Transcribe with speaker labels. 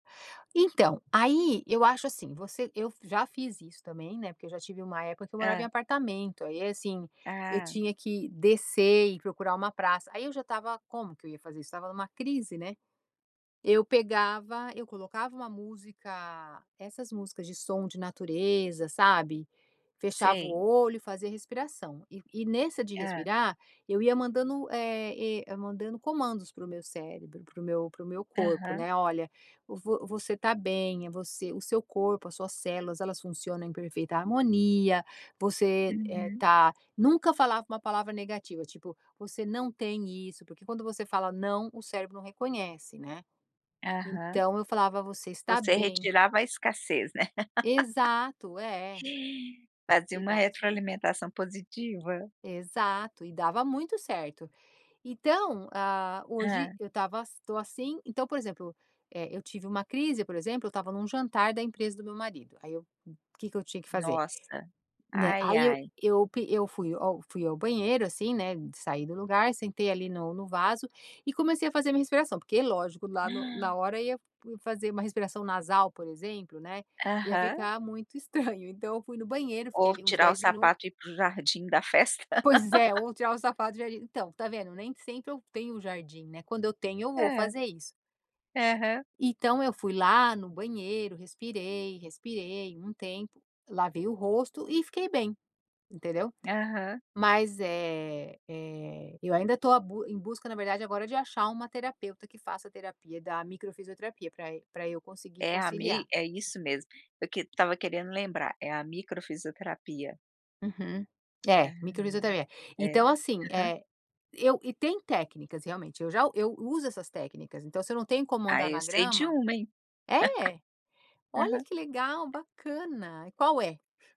Speaker 1: Então, aí eu acho assim, você eu já fiz isso também, né, porque eu já tive uma época que eu morava em
Speaker 2: Hã.
Speaker 1: apartamento, aí assim, eu
Speaker 2: Ah.
Speaker 1: tinha que descer e procurar uma praça, aí eu já estava como que eu ia fazer isso? Estava em uma crise, né. Eu pegava, eu colocava uma música, essas músicas de som de natureza, sabe, fechava o
Speaker 2: Sei.
Speaker 1: olho, fazia respiração. E e nessa de
Speaker 2: Hã.
Speaker 1: respirar, eu ia mandando, eh eh, mandando comandos para o meu cérebro, para o meu para o meu corpo,
Speaker 2: Aham.
Speaker 1: né, "Olha, vo você tá bem, é você o seu corpo, as suas células elas funcionam em perfeita harmonia, você, eh,
Speaker 2: Uhum.
Speaker 1: tá" nunca falava uma palavra negativa tipo: "Você não tem isso", porque quando você fala não o cérebro não reconhece, né?
Speaker 2: Aham.
Speaker 1: Então eu falava: "Você está
Speaker 2: Você
Speaker 1: bem".
Speaker 2: retirava a escassez, né?
Speaker 1: Exato é.
Speaker 2: Fazia
Speaker 1: E
Speaker 2: uma
Speaker 1: dava certo.
Speaker 2: retroalimentação positiva.
Speaker 1: Exato, e dava muito certo. Então, hã,
Speaker 2: Hã.
Speaker 1: hoje eu estava eu tô assim, então por exemplo, eh, eu tive uma crise, por exemplo, eu estava em um jantar da empresa do meu marido, aí eu que que eu tinha que fazer,
Speaker 2: Nossa,
Speaker 1: né,
Speaker 2: ai
Speaker 1: aí eu
Speaker 2: ai.
Speaker 1: eu p eu fui ao fui ao banheiro, assim, né, saí do lugar, sentei ali no no vaso, e comecei a fazer minha respiração, porque lógico lá no na
Speaker 2: Hã.
Speaker 1: hora ia fazer uma respiração nasal, por exemplo, né, ia
Speaker 2: Aham.
Speaker 1: ficar muito estranho então eu fui no banheiro, fiquei
Speaker 2: Ou
Speaker 1: ali uns
Speaker 2: tirar o
Speaker 1: 10 minutos
Speaker 2: sapato e ir para o jardim da festa.
Speaker 1: Pois é, vou tirar o sapato no jardim então tá vendo, nem sempre eu tenho um jardim, né, quando eu tenho eu vou
Speaker 2: É.
Speaker 1: fazer isso.
Speaker 2: Aham.
Speaker 1: Então eu fui lá no banheiro, respirei, respirei um tempo, lavei o rosto e fiquei bem, entendeu?
Speaker 2: Aham.
Speaker 1: Mas é é eu ainda tô a busca em busca na verdade agora de achar uma terapeuta que faça terapia da micro fisioterapia pra pra eu conseguir
Speaker 2: É a
Speaker 1: conciliar.
Speaker 2: mei é isso mesmo, eu que estava querendo lembrar, é a micro fisioterapia.
Speaker 1: Uhum, é,
Speaker 2: Aham,
Speaker 1: micro fisioterapia.
Speaker 2: é,
Speaker 1: Então assim,
Speaker 2: aham.
Speaker 1: eh, eu e tem técnicas realmente, eu já eu uso essas técnicas, então se eu não tenho como
Speaker 2: Ah,
Speaker 1: andar
Speaker 2: eu
Speaker 1: na
Speaker 2: sei de
Speaker 1: grama
Speaker 2: uma, hein.
Speaker 1: é? Olha que
Speaker 2: Aham.
Speaker 1: legal, bacana, qual é?